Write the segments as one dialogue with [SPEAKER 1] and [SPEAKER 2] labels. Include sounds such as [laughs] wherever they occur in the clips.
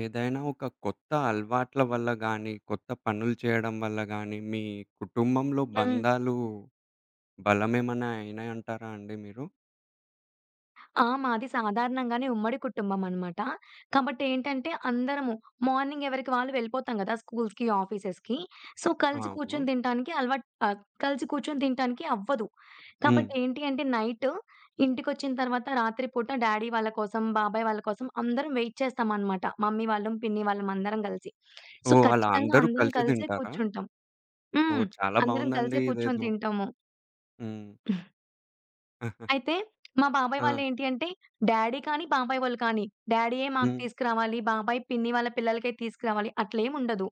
[SPEAKER 1] ఏదైనా ఒక కొత్త అలవాట్ల వల్ల గానీ, కొత్త పనులు చేయడం వల్ల గానీ మీ కుటుంబంలో
[SPEAKER 2] హ్మ్.
[SPEAKER 1] బంధాలు, బలమేమన్నా అయినాయంటారా అండి మీరు?
[SPEAKER 2] ఆ! మాది సాధారణంగానే ఉమ్మడి కుటుంబం అనమాట. కాబట్టి ఏంటంటే అందరము మార్నింగ్ ఎవరికి వాళ్ళు వెళ్ళిపోతాం గదా! స్కూల్స్‌కి, ఆఫీసెస్‌కి. సో, కలిసి
[SPEAKER 1] అవును.
[SPEAKER 2] కూర్చొని తినటానికి అలవాట్ ఆహ్, కలిసి కూర్చొని తినటానికి అవ్వదు.
[SPEAKER 1] హ్మ్.
[SPEAKER 2] కాబట్టి ఏంటి అంటే నైటు ఇంటికొచ్చిన తర్వాత రాత్రి పూట డ్యాడీ వాళ్ళ కోసం, బాబాయి వాళ్ళ కోసం అందరం వెయిట్ చేస్తామనమాట. మమ్మీ వాళ్ళం, పిన్ని వాళ్ళం అందరం గలిసి. సో,
[SPEAKER 1] ఓహ్! అలా
[SPEAKER 2] ఖచ్చితంగా
[SPEAKER 1] అందరూ
[SPEAKER 2] అందరం
[SPEAKER 1] కలిసి
[SPEAKER 2] కలిసే
[SPEAKER 1] తింటారా?
[SPEAKER 2] కూర్చుంటాం. హ్మ్.
[SPEAKER 1] ఓహ్! చాలా
[SPEAKER 2] అందరం కలిసే
[SPEAKER 1] బాగుందండి
[SPEAKER 2] కూర్చొని
[SPEAKER 1] ఇదేదో.
[SPEAKER 2] తింటాము.
[SPEAKER 1] హ్మ్.
[SPEAKER 2] [giggles]
[SPEAKER 1] [chuckles]
[SPEAKER 2] అయితే మా బాబాయి
[SPEAKER 1] ఆ!
[SPEAKER 2] వాళ్ళు ఏంటి అంటే డ్యాడీ కానీ, బాబాయి వాళ్ళు కానీ, డ్యాడీయే మాకు
[SPEAKER 1] హ్మ్.
[SPEAKER 2] తీసుకురావాలి, బాబాయ్ పిన్ని వాళ్ళ పిల్లలకే తీసుకురావాలి, అట్లేమి ఉండదు.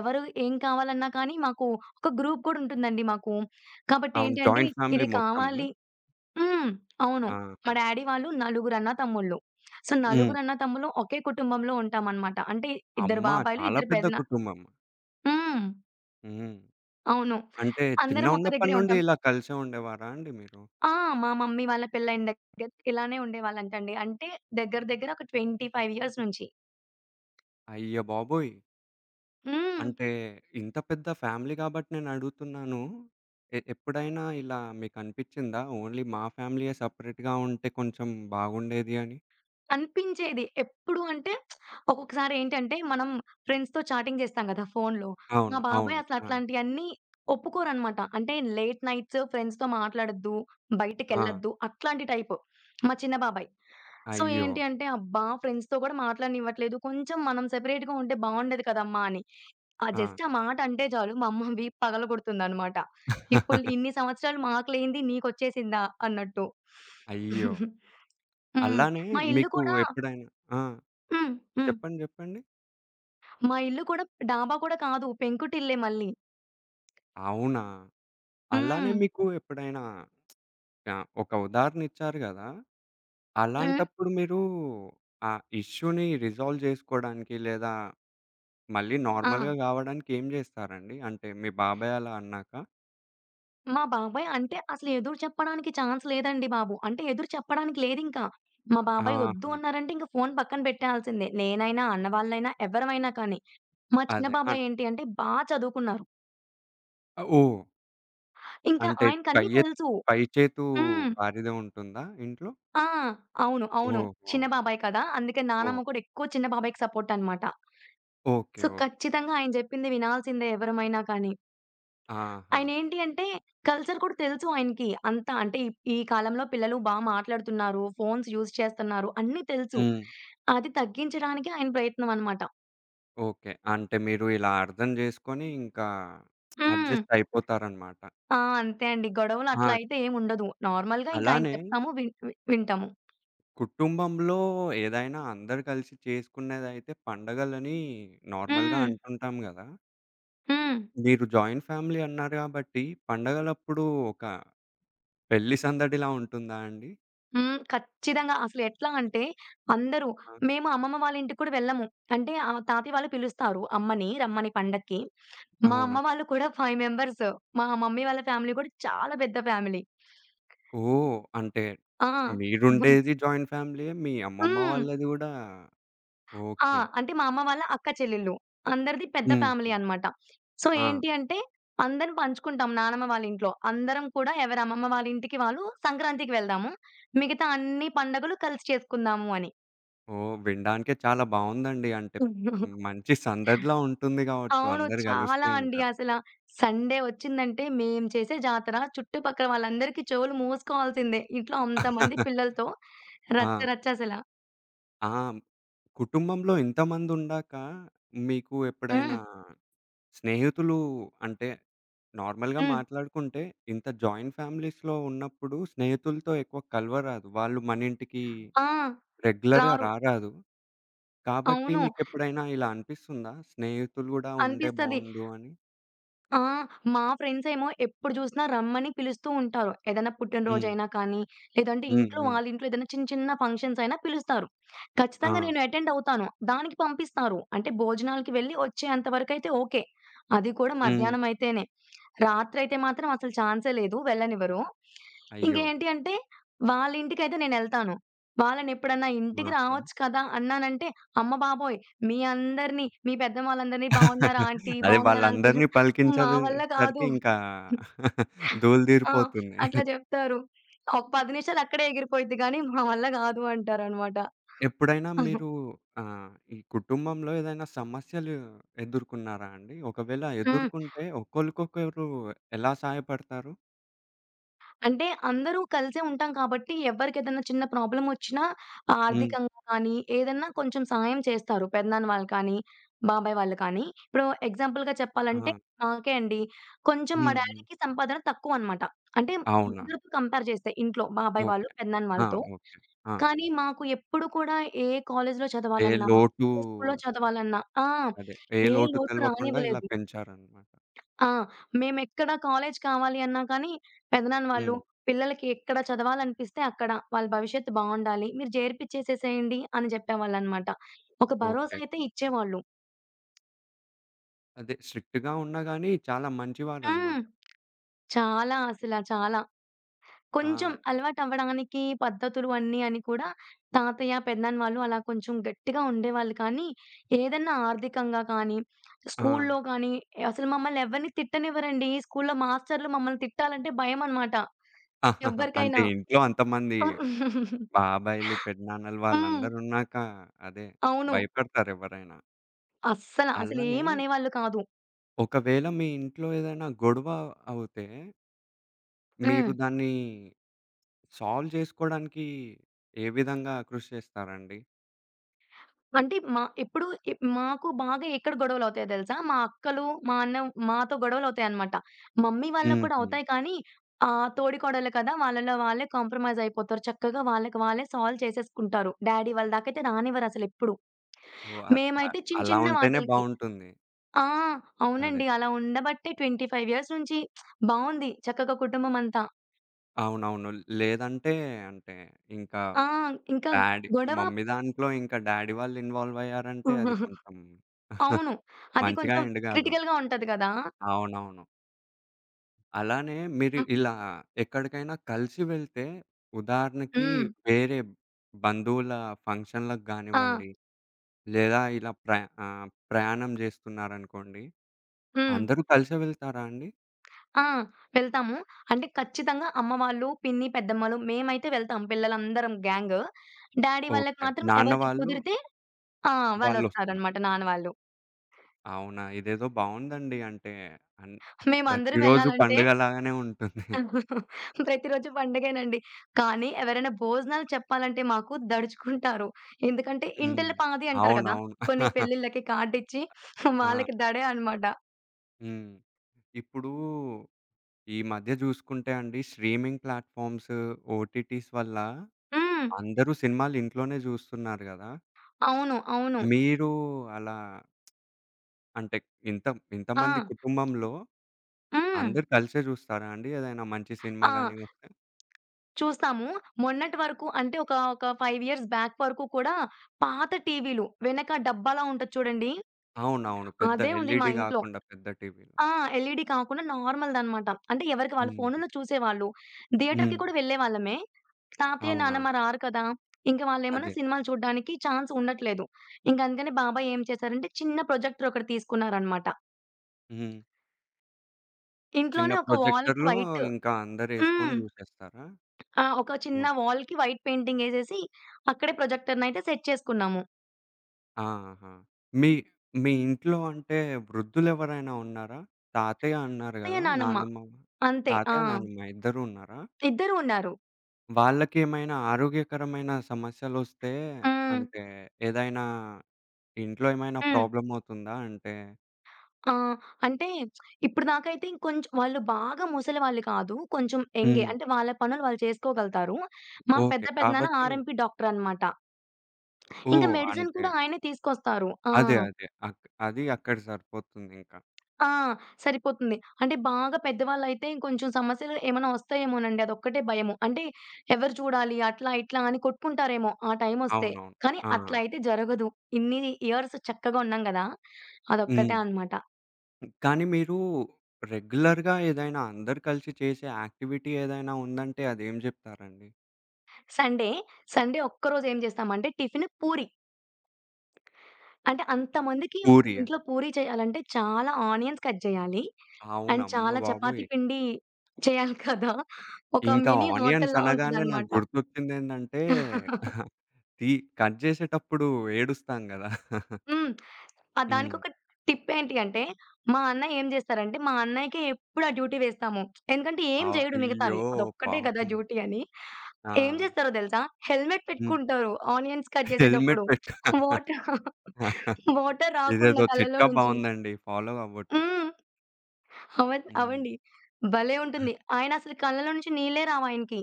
[SPEAKER 2] ఎవరు ఏం కావాలన్నా కానీ మాకు ఒక గ్రూప్ కూడా ఉంటుందండి మాకు. కాబట్టి
[SPEAKER 1] అవును.
[SPEAKER 2] ఏంటంటే
[SPEAKER 1] జాయింట్ ఫ్యామిలీ
[SPEAKER 2] ఇది
[SPEAKER 1] మొత్తము.
[SPEAKER 2] కావాలి హ్మ్. అవును. మా
[SPEAKER 1] ఆహా!
[SPEAKER 2] డ్యాడీ వాళ్ళు నలుగురన్నా తమ్ముళ్ళు. సో
[SPEAKER 1] హ్మ్.
[SPEAKER 2] నలుగురన్నా తమ్ములు ఒకే కుటుంబంలో ఉంటామనమాట. అంటే ఇద్దరు
[SPEAKER 1] అమ్మా!
[SPEAKER 2] బాబాయలు,
[SPEAKER 1] చాలా
[SPEAKER 2] ఇద్దరు
[SPEAKER 1] పెద్ద
[SPEAKER 2] పెదనా
[SPEAKER 1] కుటుంబం.
[SPEAKER 2] హ్మ్.
[SPEAKER 1] హ్మ్.
[SPEAKER 2] అవును.
[SPEAKER 1] అంటే
[SPEAKER 2] అందరం ఒక్క
[SPEAKER 1] చిన్నగున్నప్పటి
[SPEAKER 2] దగ్గరే
[SPEAKER 1] నుండి
[SPEAKER 2] ఉంటాం.
[SPEAKER 1] ఇలా కలిసే ఉండేవారా అండి మీరు?
[SPEAKER 2] ఆ! మా మమ్మీ వాళ్ళ పెళ్ళైన దగ్గర ఇలానే ఉండేవాళ్ళంటండి. అంటే దగ్గర దగ్గర ఒక 25 ఇయర్స్ నుంచి.
[SPEAKER 1] అయ్య బాబోయ్!
[SPEAKER 2] హ్మ్.
[SPEAKER 1] అంటే ఇంత పెద్ద ఫ్యామిలీ గాబట్టి నేనడుగుతున్నాను. ఎ ఎప్పుడైనా ఇలా మీకనిపిచ్చిందా? ఓన్లీ మా ఫ్యామిలీయే సెపరేట్‌గా ఉంటే కొంచెం బాగుండేది అని?
[SPEAKER 2] అనిపించేది. ఎప్పుడు అంటే [smacks lips] ఒక్కొక్కసారేంటంటే మనం ఫ్రెండ్స్‌తో చాటింగ్ చేస్తాం కదా ఫోనులో. మా
[SPEAKER 1] అవును.
[SPEAKER 2] బాబాయి
[SPEAKER 1] అవును.
[SPEAKER 2] అట్ల
[SPEAKER 1] ఆ!
[SPEAKER 2] అట్లాంటియన్నీ ఒప్పుకోరనమాట. అంటే లేట్ నైట్స్ ఫ్రెండ్స్‌తో మాట్లాడొద్దు,
[SPEAKER 1] ఆ!
[SPEAKER 2] బయటకెళ్ళొద్దు అట్లాంటి టైపు. మా చిన్న బాబాయి. సో,
[SPEAKER 1] అయ్యో!
[SPEAKER 2] ఏంటి అంటే "అబ్బా! ఫ్రెండ్స్‌తో కూడా మాట్లాడనివ్వట్లేదు. కొంచెం మనం సెపరేట్‌‌గా ఉంటే బావుండేది కదమ్మ" అని. ఆ
[SPEAKER 1] ఆ!
[SPEAKER 2] జస్ట్ ఆ మాట అంటే చాలు. మా అమ్మ వీపు పగలగొడుతుందనమాట. ఇప్పుడు
[SPEAKER 1] [chuckles]
[SPEAKER 2] ఇన్ని సంవత్సరాలు మాకు లేంది నీకొచ్చేసిందా అన్నట్టు.
[SPEAKER 1] అయ్యో!
[SPEAKER 2] [giggles] హ్మ్.
[SPEAKER 1] అలానే
[SPEAKER 2] మా ఇల్లు
[SPEAKER 1] మీకు
[SPEAKER 2] కూడా
[SPEAKER 1] ఎప్పుడైనా ఆ!
[SPEAKER 2] హ్మ్. హ్మ్.
[SPEAKER 1] చెప్పండి. చెప్పండి.
[SPEAKER 2] మా ఇల్లు కూడా డాబా కూడా కాదు పెంకుటిల్లే మళ్ళీ.
[SPEAKER 1] అవునా! అలానే
[SPEAKER 2] హ్మ్.
[SPEAKER 1] మీకు ఎప్పుడైనా యాహ్! ఒక ఉదాహరణ ఇచ్చారు గదా!
[SPEAKER 2] హ్మ్.
[SPEAKER 1] అలాంటప్పుడు మీరు ఆ ఇష్యూని రిజాల్వ్ జేసుకోడానికి లేదా మళ్ళీ నార్మల్‌గా
[SPEAKER 2] ఆ!
[SPEAKER 1] గావడానికి ఏం జేస్తారండి? అంటే మీ బాబాయి అలా అన్నాక?
[SPEAKER 2] మా బాబాయ్ అంటే అసలు ఎదురు చెప్పడానికి ఛాన్స్ లేదండి బాబు. అంటే ఎదురు చెప్పడానికి లేదింకా. మా బాబాయ్ వద్దు
[SPEAKER 1] ఆహా!
[SPEAKER 2] అన్నారంటే ఇంక ఫోన్ పక్కన పెట్టేయాల్సిందే. నేనైనా, అన్నవాళ్ళైనా, ఎవరమైనా కానీ. మా చిన్న
[SPEAKER 1] అదే. అన్
[SPEAKER 2] బాబాయ్ ఏంటి అంటే బా చదువుకున్నారు.
[SPEAKER 1] ఆహ్, ఓహ్!
[SPEAKER 2] ఇంకా
[SPEAKER 1] అంటే
[SPEAKER 2] ఆయనకన్నీ
[SPEAKER 1] టయ్యత్
[SPEAKER 2] తెలుసు.
[SPEAKER 1] పై చేతూ
[SPEAKER 2] హ్మ్.
[SPEAKER 1] భార్యదే ఉంటుందా ఇంట్లో?
[SPEAKER 2] ఆ! అవును. అవును.
[SPEAKER 1] ఓహో!
[SPEAKER 2] చిన్న బాబాయ్ కదా! అందుకని
[SPEAKER 1] ఓహ్!
[SPEAKER 2] నానమ్మ కూడా ఎక్కువ చిన్న బాబాయికి సపోర్ట్ అనమాట.
[SPEAKER 1] ఓకే.
[SPEAKER 2] So,
[SPEAKER 1] okay.
[SPEAKER 2] ఖచ్చితంగా ఆయన చెప్పింది వినాల్సిందే ఎవరమైనా కానీ.
[SPEAKER 1] ఆహా!
[SPEAKER 2] ఆయనేంటి అంటే కల్చర్ కూడా తెలుసు ఆయనకి. అంతా అంటే ఈ ఈ కాలంలో పిల్లలు బా మాట్లాడుతున్నారు, ఫోన్స్ యూజ్ చేస్తున్నారు, అన్నీ తెలుసు.
[SPEAKER 1] హ్మ్.
[SPEAKER 2] అది తగ్గించడానికి ఆయన ప్రయత్నం అనమాట.
[SPEAKER 1] ఓకే. అంటే మీరు ఇలా అర్థం జేసుకొని ఇంకా,
[SPEAKER 2] హ్మ్.
[SPEAKER 1] అడ్జస్ట్ అయిపోతారనమాట.
[SPEAKER 2] ఆ! అంతే అండి. గొడవలట్లా
[SPEAKER 1] ఆ
[SPEAKER 2] అయితే ఏమి ఉండదు. నార్మల్‌గా ఇంకా ఆయన
[SPEAKER 1] అలానే
[SPEAKER 2] చెప్తము. విన్ వి వింటము.
[SPEAKER 1] కుటుంబంలో ఏదైనా అందరూ కలిసి చేసుకునేదైతే పండుగలని నార్మల్‌‌గా
[SPEAKER 2] హ్మ్.
[SPEAKER 1] అంటుంటాం గదా!
[SPEAKER 2] హ్మ్.
[SPEAKER 1] మీరు జాయింట్ ఫ్యామిలీ అన్నారు కాబట్టి పండుగలప్పుడు ఒక పెళ్లి సందడిలా ఉంటుందా అండి?
[SPEAKER 2] హ్మ్. ఖచ్చితంగా, అసలెట్లా అంటే అందరూ
[SPEAKER 1] ఆ!
[SPEAKER 2] మేము అమ్మమ్మ వాళ్ళ ఇంటికి కూడా వెళ్ళము. అంటే ఆహ్, తాతయ్య వాళ్ళు పిలుస్తారు అమ్మని, రమ్మని పండక్కి. మా
[SPEAKER 1] అవునా?
[SPEAKER 2] అమ్మ వాళ్ళు కూడా 5 మెంబర్సు. మా మమ్మీ వాళ్ళ ఫ్యామిలీ కూడా చాలా పెద్ద ఫ్యామిలీ.
[SPEAKER 1] ఓహ్! అంటే
[SPEAKER 2] ఆ! [chuckles]
[SPEAKER 1] మీరుండేది జాయింట్ ఫ్యామిలీయే మీ అమ్మమ్మ
[SPEAKER 2] హ్మ్.
[SPEAKER 1] వాళ్ళది గూడా
[SPEAKER 2] ఆ!
[SPEAKER 1] ఓకె.
[SPEAKER 2] అంటే మా అమ్మ వాళ్ళ అక్క చెల్లెళ్లు. అందరిది పెద్ద
[SPEAKER 1] హుహు.
[SPEAKER 2] ఫ్యామిలీ అనమాట. సో,
[SPEAKER 1] ఆ!
[SPEAKER 2] ఏంటి అంటే అందరిని పంచుకుంటాం నానమ్మ వాళ్ళింట్లో. అందరం కూడా ఎవరు అమ్మమ్మ వాళ్ళ ఇంటికి వాళ్ళు సంక్రాంతికి వెళ్దాము. మిగతా అన్ని పండుగలు కలిసి చేసుకుందాము అని.
[SPEAKER 1] ఓహ్! వినడానికే చాలా బావుందండి. అంటే, హ్మ్.
[SPEAKER 2] [giggles]
[SPEAKER 1] మంచి సందడిలా ఉంటుంది గావచ్చు
[SPEAKER 2] అవును.
[SPEAKER 1] అందరూ గలుస్తే
[SPEAKER 2] చాలా అండి
[SPEAKER 1] ఇంకా.
[SPEAKER 2] అసల. సండే వచ్చిందంటే మేము చేసే జాతర చుట్టుపక్కల వాళ్ళందరికీ చెవులు మోసుకోవాల్సిందే. ఇంట్లో అంతమంది
[SPEAKER 1] [laughs]
[SPEAKER 2] పిల్లలతో రచ్చ
[SPEAKER 1] ఆ!
[SPEAKER 2] రచ్చసల.
[SPEAKER 1] ఆ! కుటుంబంలో ఇంతమంది ఉండాక మీకు ఎప్పుడైనా
[SPEAKER 2] హ్మ్.
[SPEAKER 1] స్నేహితులు అంటే నార్మల్‌గా
[SPEAKER 2] హ్మ్.
[SPEAKER 1] మాట్లాడుకుంటే ఇంత జాయింట్ ఫ్యామిలీస్‌లో ఉన్నప్పుడు, స్నేహితులతో ఎక్కువ కల్వరాదు. వాళ్ళు మనింటికి
[SPEAKER 2] ఆ!
[SPEAKER 1] రెగ్యులర్‌గా
[SPEAKER 2] రారు.
[SPEAKER 1] రా రాదు. కాబట్టి,
[SPEAKER 2] అవును.
[SPEAKER 1] మీకెప్పుడైనా ఇలా అనిపిస్తుందా? స్నేహితులు కూడా ఉండే
[SPEAKER 2] అనిపిస్తది.
[SPEAKER 1] బావుండు అని?
[SPEAKER 2] ఆ! మా ఫ్రెండ్సేమో ఎప్పుడు జూసినా రమ్మని పిలుస్తూ ఉంటారు. ఏదైనా పుట్టిన
[SPEAKER 1] హ్మ్.
[SPEAKER 2] రోజైనా కానీ, లేదంటే
[SPEAKER 1] హ్మ్.
[SPEAKER 2] ఇంట్లో
[SPEAKER 1] హ్మ్.
[SPEAKER 2] వాళ్ళింట్లో ఏదైనా చిన్న చిన్న ఫంక్షన్సయినా పిలుస్తారు. ఖచ్చితంగా
[SPEAKER 1] ఆ!
[SPEAKER 2] నేను అటెండ్ అవుతాను. దానికి పంపిస్తారు. అంటే భోజనాలకి వెళ్ళి ఒచ్చే అంత వరకైతే ఓకె. అది కూడా
[SPEAKER 1] హ్మ్.
[SPEAKER 2] మధ్యాహ్నమైతేనే, రాత్రి అయితే మాత్రం అసలు ఛాన్సే లేదు వెళ్ళనివ్వరు.
[SPEAKER 1] అయ్యో!
[SPEAKER 2] ఇంకేంటి అంటే వాళ్ళింటికైతే నేనెళ్తాను. వాళ్ళని ఎప్పుడన్నా "ఇంటికి
[SPEAKER 1] ఆహా!
[SPEAKER 2] రావచ్చు కదా!" అన్నానంటే, "అమ్మ బాబోయ్! మీ అందరిని, మీ పెద్దవాళ్ళందరిని బావున్నారా అంటి?
[SPEAKER 1] [chuckles] అరే!
[SPEAKER 2] బావున్నారా అంకుల్?
[SPEAKER 1] వాళ్ళందరిని
[SPEAKER 2] [giggles] మా వల్ల
[SPEAKER 1] పలికించలేసరికి
[SPEAKER 2] కాదు."
[SPEAKER 1] ఇంకా [giggles]
[SPEAKER 2] ఆ!
[SPEAKER 1] దూలుదీరిపోతుంది.
[SPEAKER 2] అట్లా
[SPEAKER 1] [giggles]
[SPEAKER 2] జెప్తారు. ఒక 10 నిమిషాలు అక్కడే ఎగిరిపోయిద్ది గానీ, [giggles] మా వల్ల గాదు అంటారనమాట.
[SPEAKER 1] ఎప్పుడైనా
[SPEAKER 2] [chuckles]
[SPEAKER 1] మీరు ఆహ్, ఈ కుటుంబంలో ఏదైనా సమస్యలు ఎదుర్కున్నారా అండి? ఒకవేళ
[SPEAKER 2] హ్మ్.
[SPEAKER 1] ఎదుర్కుంటే ఒకళ్ళకొకరు ఎలా సహాయపడతారు?
[SPEAKER 2] అంటే అందరూ కలిసే ఉంటాం కాబట్టి ఎవరికేదైనా చిన్న ప్రాబ్లమొచ్చినా
[SPEAKER 1] హ్మ్.
[SPEAKER 2] ఆర్థికంగా కానీ ఏదన్నా కొంచెం సహాయం చేస్తారు. పెదనాన్న వాళ్ళు కానీ, బాబాయ్ వాళ్ళు కానీ. ఇప్పుడు ఎగ్జాంపుల్‌గా చెప్పాలంటే
[SPEAKER 1] ఆ!
[SPEAKER 2] నాకే అండి. కొంచెం మా
[SPEAKER 1] హుహు.
[SPEAKER 2] డ్యాడీకి సంపాదన తక్కువనమాట. అంటే
[SPEAKER 1] అవునా?
[SPEAKER 2] అందరితో కంపేర్ చేస్తే ఇంట్లో బాబాయ్ వాళ్ళు
[SPEAKER 1] ఓకే.
[SPEAKER 2] పెదనాన్న
[SPEAKER 1] ఆ!
[SPEAKER 2] వాళ్ళతో.
[SPEAKER 1] ఓకే. ఆ!
[SPEAKER 2] కానీ మాకు ఎప్పుడు కూడా ఏ కాలేజ్‌లో
[SPEAKER 1] ఏ
[SPEAKER 2] చదవాలన్నా
[SPEAKER 1] లోటు
[SPEAKER 2] ఏ స్కూలులో చదవాలన్నా ఆ!
[SPEAKER 1] అదే. ఏ
[SPEAKER 2] ఏ
[SPEAKER 1] లోటు
[SPEAKER 2] లోటు
[SPEAKER 1] తెలవకుండా ఇలా
[SPEAKER 2] రానివ్వలేదు.
[SPEAKER 1] పెంచారనమాట.
[SPEAKER 2] ఆ! మేమెక్కడ కాలేజీ కావాలి అన్నా కానీ పెదనాన్న వాళ్ళు
[SPEAKER 1] హ్మ్.
[SPEAKER 2] పిల్లలకి ఎక్కడ చదవాలనిపిస్తే అక్కడ వాళ్ళ భవిష్యత్తు బావుండాలి. మీరు జర్పిచేసేసేయండి అని చెప్పేవాళ్ళనమాట. ఒక
[SPEAKER 1] ఓకే.
[SPEAKER 2] భరోసా అయితే ఇచ్చేవాళ్ళు.
[SPEAKER 1] అదే. స్ట్రిక్ట్‌గా ఉన్నా గానీ చాలా
[SPEAKER 2] హ్మ్.
[SPEAKER 1] మంచివారనమాట.
[SPEAKER 2] చాలా అసలా చాలా. కొంచెం
[SPEAKER 1] ఆ!
[SPEAKER 2] అలవాటవ్వడానికి పద్ధతులు అన్నీ అని కూడా తాతయ్య పెదానాన్న వాళ్ళు అలా కొంచెం గట్టిగా ఉండేవాళ్ళు కానీ, ఏదన్నా ఆర్థికంగా కానీ
[SPEAKER 1] ఆ!
[SPEAKER 2] స్కూలులో కానీ అసలు మమ్మల్ని ఎవరిని తిట్టనివ్వరండి. స్కూలులో మాస్టర్లు మమ్మల్ని తిట్టాలంటే భయనమాట.
[SPEAKER 1] [chuckles] అంటే
[SPEAKER 2] ఎవ్వరికైనా.
[SPEAKER 1] ఇంట్లో అంతమంది
[SPEAKER 2] ఉ [giggles]
[SPEAKER 1] బాబాయిలు, పెదనాన్నలు
[SPEAKER 2] హ్మ్.
[SPEAKER 1] వాళ్ళందరున్నాక అదే.
[SPEAKER 2] అవును.
[SPEAKER 1] భయపడతారెవ్వరైనా.
[SPEAKER 2] అస్సల
[SPEAKER 1] అలానే
[SPEAKER 2] అసలేమనేవాళ్ళు కాదు.
[SPEAKER 1] ఒకవేళ మీ ఇంట్లో ఏదన్నా గొడవ అవుతే? మీరు
[SPEAKER 2] హ్మ్.
[SPEAKER 1] దాన్ని సాల్వ్ చేసుకోడానికి, ఏ విధంగా కృషి చేస్తారండి?
[SPEAKER 2] అంటే మా ఎప్పుడు ఇ మాకు బాగా ఎక్కడ గొడవలు అవుతాయో దెలుసా? మా అక్కలు, మా అన్న మాతో గొడవలువుతాయిన్నమాట. మమ్మీ వాళ్ళకి కూడా
[SPEAKER 1] హుహు.
[SPEAKER 2] అవుతాయి కానీ ఆహ్, తోడికోడళ్ళు కదా! వాళ్ళలో వాళ్ళే కాంప్రమైజ్ అయిపోతారు. చక్కగా వాళ్ళకి వాళ్ళే సాల్వ్ చేసేసుకుంటారు. డ్యాడీ వాళ్ళ దాకైతే రానివ్వరసలెప్పుడు.
[SPEAKER 1] వా త
[SPEAKER 2] మేమైతే చిన్న
[SPEAKER 1] అలా
[SPEAKER 2] చిన్న
[SPEAKER 1] ఉంటేనే
[SPEAKER 2] వాటిలి‌కి.
[SPEAKER 1] బావుంటుంది.
[SPEAKER 2] ఆ!
[SPEAKER 1] అదే.
[SPEAKER 2] అవునండి. అలా ఉండబట్టె 25 ఇయర్స్ నుంచి [smacks lips] బావుంది చక్కగా కుటుంబమంతా.
[SPEAKER 1] అవునవును. లేదంటే అంటే ఇంకా
[SPEAKER 2] ఆ! ఇంకా
[SPEAKER 1] డ్యాడీ,
[SPEAKER 2] గొడవ
[SPEAKER 1] మమ్మీ దాంట్లో, ఇంకా డ్యాడీ వాళ్ళు ఇన్వాల్వయ్యారంటే అది
[SPEAKER 2] [giggles]
[SPEAKER 1] కొంచెం, [chuckles]
[SPEAKER 2] అవును. అది
[SPEAKER 1] మంచిగా
[SPEAKER 2] కొంచెం
[SPEAKER 1] ఎండ్ గాదు.
[SPEAKER 2] క్రిటికల్‌గా ఉంటది గదా!
[SPEAKER 1] అవునవును. అలానే మీరు
[SPEAKER 2] హ్మ్.
[SPEAKER 1] ఇలా ఎక్కడికైనా కలిసి వెళ్తే ఉదాహరణకి
[SPEAKER 2] హ్మ్.
[SPEAKER 1] వేరే బంధువుల ఫంక్షన్‌లకు
[SPEAKER 2] ఆ!
[SPEAKER 1] గానివ్వండి, లేదా ఇలా ప్ర ఆహ్, ప్రయాణం జేస్తున్నారనుకోండి?
[SPEAKER 2] హ్మ్.
[SPEAKER 1] అందరూ కలిసే వెళ్తారా అండి?
[SPEAKER 2] ఆ! వెళ్తాము. అంటే ఖచ్చితంగా అమ్మవాళ్ళు, పిన్ని పెద్దమ్మలు మేమైతే వెళ్తాం పిల్లలందరం గ్యాంగ్. డ్యాడీ వాళ్ళకి
[SPEAKER 1] ఓకే.
[SPEAKER 2] మాత్రం ఎవరికి
[SPEAKER 1] నాన్నవాళ్ళు
[SPEAKER 2] కుదిరితే ఆ!
[SPEAKER 1] వాళ్ళోస్తున్నారు.
[SPEAKER 2] వాళ్ళొస్తారనమాట నాన్నవాాళ్ళు.
[SPEAKER 1] అవునా? ఇదేదో బావుందండి. అంటే అన్
[SPEAKER 2] మేమందరం
[SPEAKER 1] ప్రతిరోజు
[SPEAKER 2] వెళ్ళాలంటే
[SPEAKER 1] పండుగలాగానే ఉంటది. [giggles]
[SPEAKER 2] [chuckles] ప్రతిరోజు పడుగేనండి. కానీ ఎవరైనా భోజనాలు చెప్పాలంటే మాకు దడుచుకుంటారు. ఎందుకంటే
[SPEAKER 1] హ్మ్.
[SPEAKER 2] ఇంటిల్ల పాది అంటారు కదా!
[SPEAKER 1] అవునవును.
[SPEAKER 2] కొన్ని
[SPEAKER 1] [chuckles]
[SPEAKER 2] పెళ్ళిళ్ళకి కార్డిచ్చి [giggles]
[SPEAKER 1] ఆ!
[SPEAKER 2] వాళ్ళకి దడే అనమాట.
[SPEAKER 1] హ్మ్. ఇప్పుడు, ఈ మధ్య చూసుకుంటే అండి, స్ట్రీమింగ్ ప్లాట్‌ఫామ్స్, ఓటీటీస్ వల్ల
[SPEAKER 2] హ్మ్.
[SPEAKER 1] అందరూ సినిమాలు ఇంట్లోనే జూస్తున్నారు గదా!
[SPEAKER 2] అవును. అవును.
[SPEAKER 1] మీరు అలా అంటే ఇంత ఇంతమంది
[SPEAKER 2] ఆ!
[SPEAKER 1] కుటుంబంలో
[SPEAKER 2] హ్మ్.
[SPEAKER 1] అందరూ కలిసే చూస్తారా అండి? ఏదైనా మంచి సినిమా
[SPEAKER 2] ఆ!
[SPEAKER 1] గాని వస్తే?
[SPEAKER 2] చూస్తాము. మొన్నటి వరకు అంటే ఒకా, ఒక 5 ఇయర్స్ బ్యాక్ వరకు కూడా పాత టీవీలు వెనక డబ్బాలా ఉంటది చూడండి,
[SPEAKER 1] అవునవును. పెద్ద
[SPEAKER 2] అదే ఉంది మా
[SPEAKER 1] ఎల్ఈడీ
[SPEAKER 2] ఇంట్లో.
[SPEAKER 1] గాకుండా పెద్ద టీవీలో.
[SPEAKER 2] ఆ! ఎల్ఈడీ కాకుండా నార్మల్‌దనమాట. అంటే ఎవరికి వాళ్ళు
[SPEAKER 1] హుహు.
[SPEAKER 2] ఫోనుల్లో చూసేవాళ్ళు. థియేటర్‌కి
[SPEAKER 1] హ్మ్.
[SPEAKER 2] కూడా వెళ్ళేవాళ్ళమే. తాతయ్య,
[SPEAKER 1] అవునా?
[SPEAKER 2] నాన్నమ్మ రారు కదా! ఇంక వాళ్ళేమన్నా
[SPEAKER 1] అదే.
[SPEAKER 2] సినిమాలు చూడ్డానికి ఛాన్స్ ఉండట్లేదు. ఇంకందుకనే బాబాయి ఏం చేశారంటే చిన్న ప్రొజెక్టరొకటి తీసుకున్నారనమాట.
[SPEAKER 1] హ్మ్. చిన్న
[SPEAKER 2] ఇంట్లోనే ఒక వాల్‌కి
[SPEAKER 1] ప్రొజెక్టర్‌లో
[SPEAKER 2] వైట్
[SPEAKER 1] ఇంకా అందరేసుకొని
[SPEAKER 2] హ్మ్.
[SPEAKER 1] జూసేస్తారా?
[SPEAKER 2] ఆహ్, ఒక చిన్న
[SPEAKER 1] ఓహ్!
[SPEAKER 2] వాల్‌కి వైట్ పెయింటింగేసేసి అక్కడే ప్రొజెక్టర్‌నైతే సెట్ చేసుకున్నాము.
[SPEAKER 1] ఆహా! మీ మీ ఇంట్లో అంటే వృద్ధులెవరైనా ఉన్నారా? తాతయ్య అన్నారు
[SPEAKER 2] తే
[SPEAKER 1] గదా
[SPEAKER 2] నానమ్మ
[SPEAKER 1] నానమ్మ?
[SPEAKER 2] అంతే. ఆ!
[SPEAKER 1] తాతయ్య, నానమ్మ ఇద్దరు ఉన్నారా?
[SPEAKER 2] ఇద్దరు ఉన్నారు.
[SPEAKER 1] వాళ్ళకేమైనా ఆరోగ్యకరమైన సమస్యలొస్తే
[SPEAKER 2] హ్మ్.
[SPEAKER 1] అంటే ఏదైనా ఇంట్లో ఏమైనా
[SPEAKER 2] హ్మ్.
[SPEAKER 1] ప్రాబ్లమవుతుందా? అంటే
[SPEAKER 2] ఆ! అంటే, ఇప్పుడి దాకైతే ఇంకొంచె వాళ్ళు బాగా ముసలివాళ్ళు కాదు. కొంచెం యంగే
[SPEAKER 1] హ్మ్.
[SPEAKER 2] అంటే వాళ్ళ పనులు వాళ్ళు చేసుకోగలుతారు. మా
[SPEAKER 1] ఓకే.
[SPEAKER 2] పెద్ద పెద్దనాన్న
[SPEAKER 1] కాబట్టి
[SPEAKER 2] ఆర్ఎంపీ డాక్టర్ అనమాట. ఇంకా
[SPEAKER 1] ఓహ్!
[SPEAKER 2] మెడిసిన్
[SPEAKER 1] అంటే
[SPEAKER 2] కూడా ఆయనే తీసుకొస్తారు. ఆ!
[SPEAKER 1] అదే. అదే. అక్ అది అక్కడ సరిపోతుంది ఇంకా.
[SPEAKER 2] ఆ! సరిపోతుంది. అంటే బాగా పెద్దవాళ్ళైతే ఇంకొంచెం సమస్యలు ఏమన్నా వస్తాయేమోనండి అదొక్కటే భయము. అంటే ఎవరు చూడాలి, అట్లా ఇట్లా అని కొట్టుకుంటారేమో ఆ టైమొస్తే.
[SPEAKER 1] అవునవును.
[SPEAKER 2] కానీ
[SPEAKER 1] ఆ!
[SPEAKER 2] అట్లైతే జరగదు. ఇన్ని ఇయర్స్ చక్కగా ఉన్నాం గదా!
[SPEAKER 1] హ్మ్.
[SPEAKER 2] అదొక్కటే అనమాట.
[SPEAKER 1] కానీ మీరు రెగ్యులర్‌గా ఏదైనా అందరూ కలిసి చేసే యాక్టివిటీ ఏదైనా ఉందంటే అదేం జెప్తారండి?
[SPEAKER 2] సండే. సండే ఒక్కరోజు ఏం జేస్తామంటే టిఫిను పూరి. అంటే అంతమందికి
[SPEAKER 1] పూరియ?
[SPEAKER 2] ఇంట్లో పూరి చేయాలంటే, చాలా ఆనియన్స్ కట్ జేయాలి.
[SPEAKER 1] అవును.
[SPEAKER 2] అండ్
[SPEAKER 1] అమ్మ
[SPEAKER 2] చాలా చపాతీ
[SPEAKER 1] బాబోయ్!
[SPEAKER 2] పిండి చేయలి [chuckles] కదా! ఒక
[SPEAKER 1] ఇంకా
[SPEAKER 2] మినీ
[SPEAKER 1] ఆనియన్స్
[SPEAKER 2] హోటల్లా
[SPEAKER 1] అనగానే నాకు
[SPEAKER 2] ఉంటదనమాట.
[SPEAKER 1] గుర్తొచ్చిందేంటంటే
[SPEAKER 2] [chuckles]
[SPEAKER 1] [chuckles] తీ కట్ జేసేటప్పుడు ఏడుస్తాం గదా! [chuckles]
[SPEAKER 2] హ్మ్. ప
[SPEAKER 1] హ్మ్.
[SPEAKER 2] దానికోకా టిప్పేంటి అంటే మా అన్నయ్య ఏం జేస్తారంటే, మా అన్నయ్యకే ఎప్పుడు ఆ డ్యూటీ వేస్తాము. [smacks lips] ఎందుకంటే, ఏం
[SPEAKER 1] అవ్
[SPEAKER 2] జేయడు
[SPEAKER 1] అయ్యో!
[SPEAKER 2] మిగతావి అదొక్కటే గదా!
[SPEAKER 1] పాపం.
[SPEAKER 2] డ్యూటీ అని. ఏం
[SPEAKER 1] ఆ!
[SPEAKER 2] జేస్తారో తెలుసా? హెల్మెట్
[SPEAKER 1] హ్మ్.
[SPEAKER 2] పెట్టుకుంటారు. ఆనియన్స్ కట్
[SPEAKER 1] హెల్మేట్
[SPEAKER 2] జేసేటప్పుడు
[SPEAKER 1] పెట్టు
[SPEAKER 2] వాట వాటర్ రాకుండా
[SPEAKER 1] ఇదేదో
[SPEAKER 2] కళ్ళలో
[SPEAKER 1] చిట్కా
[SPEAKER 2] నుంచి.
[SPEAKER 1] బావుందండి. ఫాలో అవ్వచ్చు.
[SPEAKER 2] హ్మ్. అవన్
[SPEAKER 1] హ్మ్.
[SPEAKER 2] అవండి. భలే!
[SPEAKER 1] ఆ!
[SPEAKER 2] ఉంటుంది. ఆయనసలు కళ్ళలో నుంచి నీళ్ళే రావయనకి.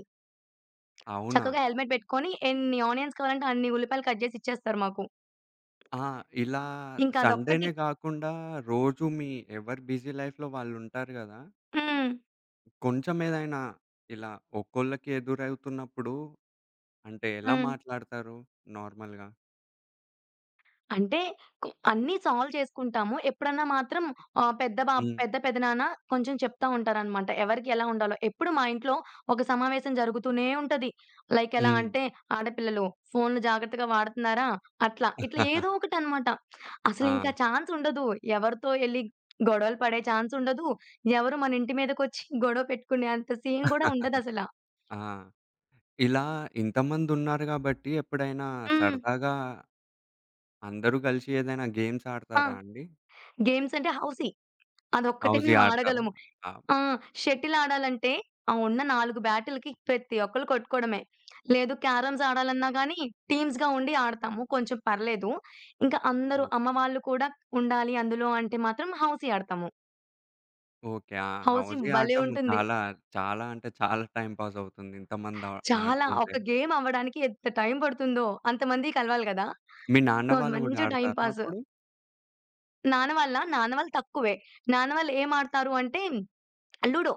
[SPEAKER 1] అవునా?
[SPEAKER 2] చక్కగా హెల్మెట్ పెట్టుకొని ఎన్ని ఆనియన్స్ కావాలంటే అన్ని ఉల్లిపాయలు కట్ జేసి ఇచ్చేస్తారు మాకు.
[SPEAKER 1] ఆ! ఇలా
[SPEAKER 2] ఇంకా అదొక్కటి
[SPEAKER 1] సండేనే గాకుండా, రోజు మీ ఎవరు బిజీ లై‌ఫ్‌లో వాళ్ళుంటారు గదా!
[SPEAKER 2] హ్మ్.
[SPEAKER 1] కొంచెమేదైనా ఇలా ఒక్కోళ్ళకి ఎదురవుతున్నప్పుడు, అంటే ఎలా
[SPEAKER 2] హ్మ్.
[SPEAKER 1] మాట్లాడతారు నార్మల్‌గా?
[SPEAKER 2] అంటే, కొ అన్నీ సాల్వ్ చేసుకుంటాము. ఎప్పుడన్నా మాత్రం ఆహ్, పెద్ద బా
[SPEAKER 1] హ్మ్.
[SPEAKER 2] పెద్ద పెద్దనాన్న కొంచెం చెప్తా ఉంటారనమాట. ఎవరికి ఎలా ఉండాలో ఎప్పుడు మా ఇంట్లో ఒక సమావేశం జరుగుతూనే ఉంటది. లైక్ ఎలా
[SPEAKER 1] హ్మ్.
[SPEAKER 2] అంటే "ఆడపిల్లలు ఫోనులు జాగ్రత్తగా వాడతున్నారా?" అట్లా, ఇట్లా ఏదో
[SPEAKER 1] [chuckles]
[SPEAKER 2] ఒకటనమాట. అసలు ఇంకా
[SPEAKER 1] ఆహా!
[SPEAKER 2] ఛాన్స్ ఉండదు. ఎవరితో ఎళ్లి గొడవలు పడే ఛాన్స్ ఉండదు. ఎవరు మన ఇంటి మీదకోచ్చి గొడవ పెట్టుకునే అంత సీన్ గూడా
[SPEAKER 1] [chuckles]
[SPEAKER 2] ఉండదసల.
[SPEAKER 1] ఆ! ఇలా ఇంతమందున్నారు గాబట్టి ఎప్పుడైనా
[SPEAKER 2] హ్మ్.
[SPEAKER 1] సరదాగా అందరూ కలిసి ఏదైనా గేమ్స్
[SPEAKER 2] ఆ!
[SPEAKER 1] ఆడతారా అండి?
[SPEAKER 2] గేమ్స్ అంటే హౌసీ. అదొక్కటి
[SPEAKER 1] హౌజీ
[SPEAKER 2] మేము
[SPEAKER 1] ఆడతారా?
[SPEAKER 2] ఆడగలము.
[SPEAKER 1] ఆ!
[SPEAKER 2] ఆ! షటిల్ ఆడాలంటే ఆ ఉన్న 4 బ్యాటిలకి ప్రతి ఒక్కళ్ళు కొట్టుకోవడమే. లేదు క్యారమ్స్ ఆడాలన్నా గానీ టీమ్స్‌గా ఉండి ఆడతాము. కొంచెం పర్లేదు. ఇంకా అందరూ
[SPEAKER 1] ఓకే.
[SPEAKER 2] అమ్మవాళ్ళు కూడా ఉండాలి అందులో అంటే మాత్రం హౌసీ ఆడతాము.
[SPEAKER 1] ఓకే. ఆ!
[SPEAKER 2] హౌసీ
[SPEAKER 1] హౌజీ
[SPEAKER 2] భలే
[SPEAKER 1] ఆడడం
[SPEAKER 2] ఉంటుంది.
[SPEAKER 1] చాలా చాలా అంటే చాలా టైమ్ పాస్ అవుతుంది. ఇంతమంది ఆ
[SPEAKER 2] చాలా
[SPEAKER 1] ఆడుతుంటే.
[SPEAKER 2] ఒక గేమ్ అవ్వడానికి ఎంత టైం పడుతుందో అంతమంది కలవాలి కదా!
[SPEAKER 1] మీ నాన్న
[SPEAKER 2] సో
[SPEAKER 1] వాళ్ళు గూడా
[SPEAKER 2] మంచి టైమ్
[SPEAKER 1] ఆడతారా
[SPEAKER 2] పాాస్.
[SPEAKER 1] అప్పుడు?
[SPEAKER 2] నాన్న వాళ్ళా? నాన్న వాళ్ళు తక్కువే. నాన్నవాళ్ళు ఏం ఆడతారు అంటే లూడో.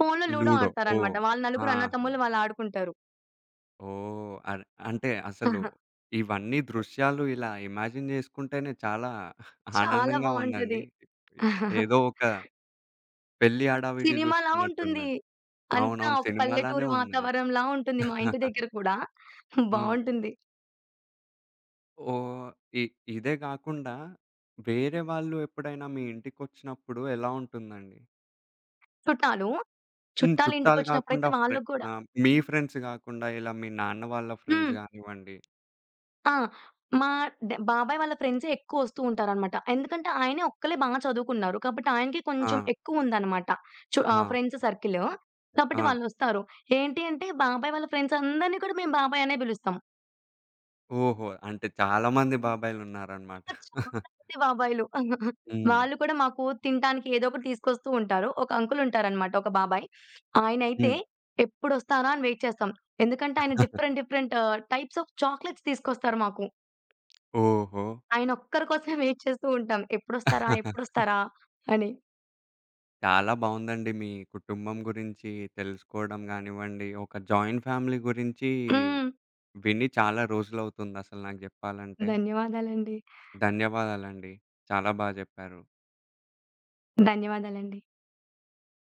[SPEAKER 2] ఫోనులో లూడో
[SPEAKER 1] లూడో. ఓహ్!
[SPEAKER 2] ఆడతారనమాట. వాళ్ళు నలుగురు అన్నా,
[SPEAKER 1] ఆహా!
[SPEAKER 2] తమ్ముళ్లు వాళ్ళాడుకుంటారు.
[SPEAKER 1] ఓహ్! అర్ అంటే అసలు
[SPEAKER 2] ఆహా!
[SPEAKER 1] ఇవన్నీ దృశ్యాలు ఇలా ఇమాజిన్ జేసుకుంటేనే చాలా [giggles]
[SPEAKER 2] చాలా
[SPEAKER 1] ఆనందంగా ఉందండి.
[SPEAKER 2] బావుంటది.
[SPEAKER 1] ఏదో
[SPEAKER 2] [chuckles]
[SPEAKER 1] ఒక పెళ్లి హడావిడి
[SPEAKER 2] సినిమాలా
[SPEAKER 1] జూస్తున్నట్టు
[SPEAKER 2] ఉంటుంది.
[SPEAKER 1] ఉన్నది.
[SPEAKER 2] అంతా
[SPEAKER 1] అవునవును.
[SPEAKER 2] ఒక
[SPEAKER 1] సినిమాలానే
[SPEAKER 2] పల్లెటూరి
[SPEAKER 1] ఉన్నది.
[SPEAKER 2] వాతావరంలా ఉంటుంది మా ఇంటి
[SPEAKER 1] [chuckles]
[SPEAKER 2] దగ్గర కూడా. [chuckles]
[SPEAKER 1] హ్మ్.
[SPEAKER 2] బావుంటుంది.
[SPEAKER 1] ఓహ్! ఇ ఇదే గాకుండా వేరే వాళ్ళు ఎప్పుడైనా మీ ఇంటికొచ్చినప్పుడు ఎలా ఉంటుందండి?
[SPEAKER 2] సుట్టాలు
[SPEAKER 1] హ్మ్.
[SPEAKER 2] చుట్టాల
[SPEAKER 1] చుట్టాలు
[SPEAKER 2] ఇంటికొచ్చినప్పుడైతే
[SPEAKER 1] కాకుండా ఫ్రె
[SPEAKER 2] వాళ్ళకి కూడా
[SPEAKER 1] ఆహ్, మీ ఫ్రెండ్స్ గాకుండా, ఇలా మీ నాన్న వాళ్ళ ఫ్రెండ్స్
[SPEAKER 2] హ్మ్.
[SPEAKER 1] గానివ్వండి
[SPEAKER 2] ఆ! మా డ్ బాబాయి వాళ్ళ ఫ్రెండ్సే ఎక్కువ వస్తూ ఉంటారనమాట. ఎందుకంటే, ఆయనే ఒక్కళ్ళే బా చదువుకున్నారు. కాబట్టి ఆయనకే కొంచెం
[SPEAKER 1] ఆ!
[SPEAKER 2] ఎక్కువుందనమాట. చు ఆహ్,
[SPEAKER 1] ఆ!
[SPEAKER 2] Friends circle‌. కాబట్టి
[SPEAKER 1] ఆ!
[SPEAKER 2] వాళ్ళొస్తారు. ఏంటి అంటే బాబాయి వాళ్ళ ఫ్రెండ్సందరిని కూడా మేము బాబాయి అనే బిలుస్తం.
[SPEAKER 1] ఓహో! అంటే చాలామంది బాబాయిలు ఉన్నారనమాట.
[SPEAKER 2] ఇంకా చాల
[SPEAKER 1] [giggles]
[SPEAKER 2] మంది బాబాయిలు. [giggles]
[SPEAKER 1] హ్మ్.
[SPEAKER 2] వాళ్ళు కూడా మాకు తినటానికి ఏదోకటి తీసుకొస్తూ ఉంటారు. ఒక అంకులు ఉంటారనమాట ఒక బాబాయి. ఆయనైతే
[SPEAKER 1] హ్మ్.
[SPEAKER 2] ఎప్పుడొస్తారా? అని వెయిట్ చేస్తాం. ఎందుకంటే ఆయన
[SPEAKER 1] [chuckles]
[SPEAKER 2] డిఫరెంట్, డిఫరెంట్ ఆహ్, టైప్స్ ఆఫ్ చాక్లెట్స్ తీసుకొస్తారు మాకు.
[SPEAKER 1] ఓహో!
[SPEAKER 2] ఆయన ఒక్కరి కోసమే వెయిట్ చేస్తూ ఉంటాం. ఎప్పుడొస్తారా?
[SPEAKER 1] [chuckles]
[SPEAKER 2] ఎప్పుడొస్తారా? అని.
[SPEAKER 1] చాలా బావుందండి. మీ కుటుంబం గురించి తెలుసుకోవడం గానివ్వండి, ఒక జాయింట్ ఫ్యామిలీ గురించీ
[SPEAKER 2] హ్మ్.
[SPEAKER 1] విని చాలా రోజులవుతుంది అసలు నాకు జెప్పాలంటే.
[SPEAKER 2] ధన్యవాదాలండి.
[SPEAKER 1] ధన్యవాదాలండి. చాలా బా జెప్పారు.
[SPEAKER 2] ధన్యవాదాలండి.